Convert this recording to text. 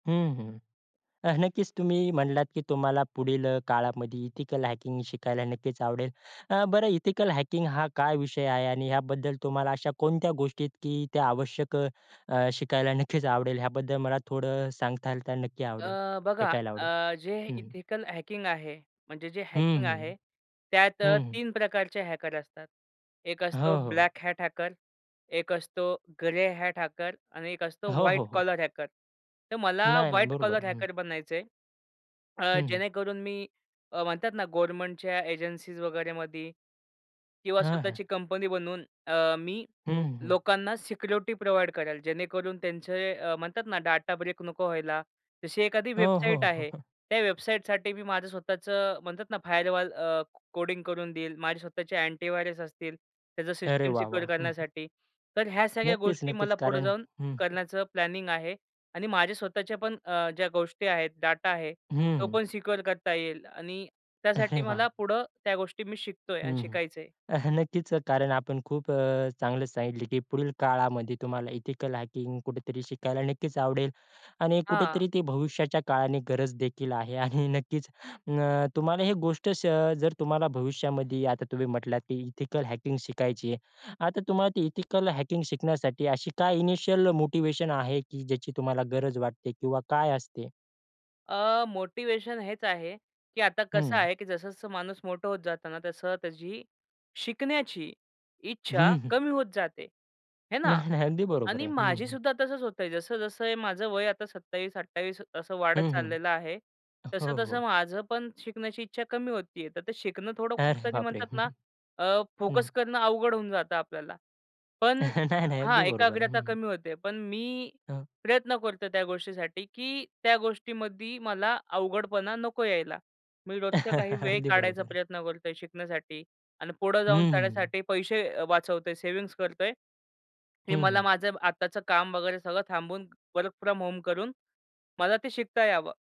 हं, हं. अ, नक्कीच तुम्ही म्हणलात की तुम्हाला पुढील अ, काळामध्ये एथिकल हॅकिंग शिकायला नक्कीच आवडेल. अ, बरं एथिकल हॅकिंग हा काय विषय आहे आणि याबद्दल तुम्हाला अशा कोणत्या गोष्टी आहेत की आवश्यक अ, शिकायला नक्कीच आवडेल, याबद्दल मला थोडं अ, सांगाल तर नक्की आवडेल अ, बघा ऐकायला आवडेल? अ, जे हं, हं. एथिकल हॅकिंग आहे, म्हणजे जे हं, हॅकिंग हं. आहे, त्यात अ, हं, हं. 3 प्रकारचे हॅकर असतात. एक असतो हो, हो. ब्लॅक हॅट हॅकर एक असतो ग्रे हॅट हॅकर आणि एक असतो हो, व्हाईट हो, हो. Collar hacker. तर मला नाही, नाही. व्हाईट बरोबर, कॉलर हं. हॅकर बनायचंय. अ, हं, हं. जेणेकरून मी अ, म्हणतात ना गव्हर्नमेंटच्या एजन्सीज वगैरेमध्ये किंवा हां, हां. स्वतःची कंपनी बनवून अ, मी हं, हं. लोकांना सिक्युरिटी प्रोव्हाईड करेल जेणेकरून त्यांचे अ, म्हणतात ना डाटा ब्रेक नको व्हायला. जशी एखादी हो, वेबसाईट हो. आहे, त्या वेबसाईटसाठी मी माझं स्वतःचं म्हणतात ना फायरवॉल अ, कोडिंग करून देईल. माझे स्वतःचे अँटीव्हायरस असतील त्याचं अरे सिस्टम वाह, वाह! सिक्युअर हं, हं. करण्यासाठी. तर ह्या सगळ्या नक्कीच, गोष्टी नक्कीच. मला पुढे कारण जाऊन हं, हं. करण्याचं प्लॅनिंग आहे. आणि माझे स्वतःचे पण अ, ज्या गोष्टी आहेत डाटा आहे, तो हं. पण सिक्युअर करता येईल आणि त्यासाठी अरे वाह! मला पुढं त्या गोष्टी मी शिकतोय हं, आणि हं. शिकायचं आहे. नक्कीच अ, कारण आपण खूप अ, चांगलं सांगितलं, की पुढील काळामध्ये तुम्हाला एथिकल हॅकिंग कुठेतरी शिकायला नक्कीच आवडेल आणि हां. कुठेतरी ते भविष्याच्या काळाने गरज देखील आहे आणि नक्कीच उम्म, तुम्हाला ही गोष्ट अ, जर तुम्हाला भविष्यामध्ये आता तुम्ही म्हटलात की एथिकल हॅकिंग शिकायची आहे. आता तुम्हाला ती एथिकल हॅकिंग शिकण्यासाठी अशी काय इनिशिअल मोटिव्हेशन आहे की ज्याची तुम्हाला गरज वाटते किंवा काय असते? अ, मोटिवेशन हेच आहे, की आता कसं हं. आहे की जसं-जसं माणूस मोठं होत जात ना, तसं त्याची शिकण्याची इच्छा हं, हं. कमी होत जाते हे ना. नाही, नाही. अगदी बरोबर आणि आहे. हं, माझी हं. सुद्धा तसंच होत आहे. जसं-जसं माझं वय आता 27-28 असं हं, वाढत हं. चाललेलं आहे. हो, तसं-तसं हो. माझं पण शिकण्याची इच्छा कमी होती आहे, तर ते शिकणं थोडं अरे कुठंतरी बापरे! म्हणतात हं, ना, हं, अ, हं. फोकस करणं अवघड होऊन जातं आपल्याला, पण नाही, नाही, हां, अगदी बरोबर आहे. हं, एकाग्रता हं. कमी होते. पण मी हं. प्रयत्न करतोय त्या गोष्टीसाठी, की त्या गोष्टीमध्ये मला अवघडपणा नको यायला. मी रोजचा काही वेळ अगदी बरोबर काढायचा आहे. प्रयत्न करतोय शिकण्यासाठी. आणि पुढे हं. जाऊनसाठी पैसे वाचवतोय, सेव्हिंग्ज करतोय. हे हं, मला हं. माझं आत्ताचं काम वगैरे सगळं थांबून वर्क फ्रॉम होम करून, मला ते शिकता यावं.